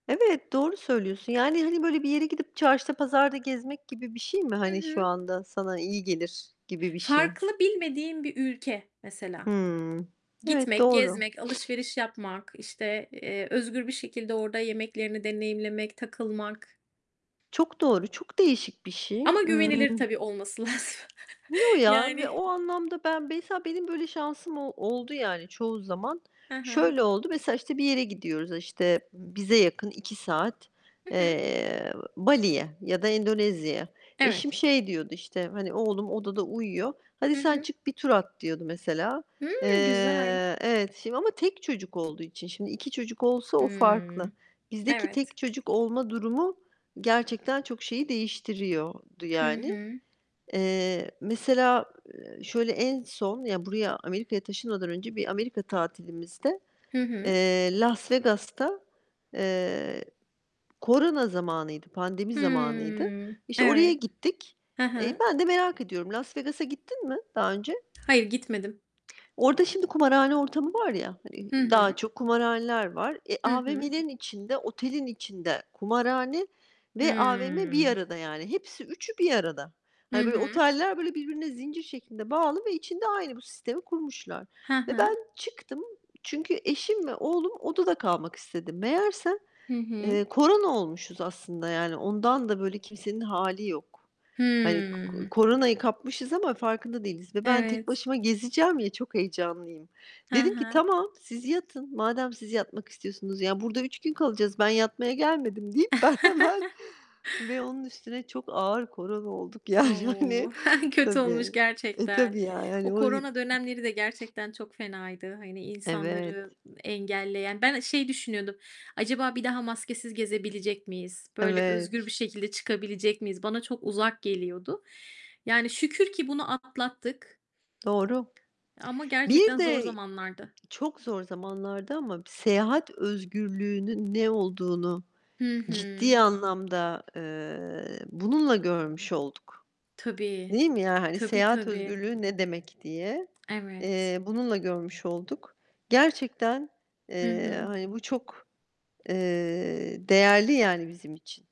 Evet, doğru söylüyorsun. Yani, hani, böyle bir yere gidip çarşıda, pazarda gezmek gibi bir şey mi, Hı hani, şu hı. anda sana iyi gelir gibi bir şey? Farklı, bilmediğim bir ülke mesela. Hımm. Evet, Gitmek, doğru. gezmek, alışveriş yapmak, işte, eee, özgür bir şekilde orada yemeklerini deneyimlemek, takılmak. Çok doğru. Çok değişik bir şey. Ama Imm güvenilir tabii olması lazım. Yo ya. Ve Yani o anlamda ben, mesela, benim böyle şansım o oldu yani çoğu zaman. He he. Şöyle oldu, mesela, işte bir yere gidiyoruz, işte bize yakın 2 saat, Hı hı. eee, Bali'ye ya da Endonezya'ya. Evet. Eşim, şey diyordu işte, hani oğlum odada uyuyor, "Hadi Hı sen hı. çık bir tur at." diyordu mesela. Hıı, güzel! Eee, evet şimdi ama tek çocuk olduğu için. Şimdi, 2 çocuk olsa o farklı. Hımm. Bizdeki Evet. tek çocuk olma durumu gerçekten çok şeyi değiştiriyordu Hı yani. hı. Eee, mesela, eee, şöyle en son, ya, buraya, Amerika'ya taşınmadan önce bir Amerika tatilimizde, Hı hı. eee, Las Vegas'ta, eee, korona zamanıydı, pandemi zamanıydı, Hıı. işte, oraya Evet. gittik. Ha Eee, ha. ben de merak ediyorum. Las Vegas'a gittin mi daha önce? Hayır, gitmedim. Orada şimdi kumarhane ortamı var ya, hani, Hı daha hı. çok kumarhaneler var. E, Hı hı. AVM'lerin içinde, otelin içinde kumarhane ve AVM bir Hıı. arada yani. Hepsi, 3'ü bir arada. Hı Hani böyle hı. oteller, böyle, birbirine zincir şeklinde bağlı ve içinde aynı bu sistemi kurmuşlar. He Ve he. ben çıktım, çünkü eşim ve oğlum odada kalmak istedi. Meğerse, Hı hı. eee, korona olmuşuz aslında. Yani ondan da böyle kimsenin hâli yok. Hani ko Hıı. koronayı kapmışız ama farkında değiliz. Ve ben tek Evet. başıma gezeceğim ya, çok heyecanlıyım. He Dedim ki, he. "Tamam, siz yatın. Madem siz yatmak istiyorsunuz. Ya, burada 3 gün kalacağız. Ben yatmaya gelmedim." deyip ben hemen Ve onun üstüne çok ağır korona olduk. Yani, hani, O! Kötü olmuş tabii. E, gerçekten. tabii yani. O Hani o i korona dönemleri de gerçekten çok fenaydı, hani, insanları Evet. engelleyen. Ben, eee, şey düşünüyordum: "Acaba bir daha maskesiz gezebilecek miyiz? Böyle özgür bir Evet. şekilde çıkabilecek miyiz?" Bana çok uzak geliyordu. Yani şükür ki bunu atlattık. Doğru. Ama Bir gerçekten zor de zamanlardı. çok zor zamanlardı ama seyahat özgürlüğünün ne olduğunu Hı hı. ciddi anlamda, eee, bununla görmüş olduk, Tabii, değil mi? Yani, hani, tabii, seyahat tabii. özgürlüğü ne demek diye, Evet. eee, bununla görmüş olduk. Gerçekten, Hı eee, hı. hani, bu çok, eee, değerli yani bizim için.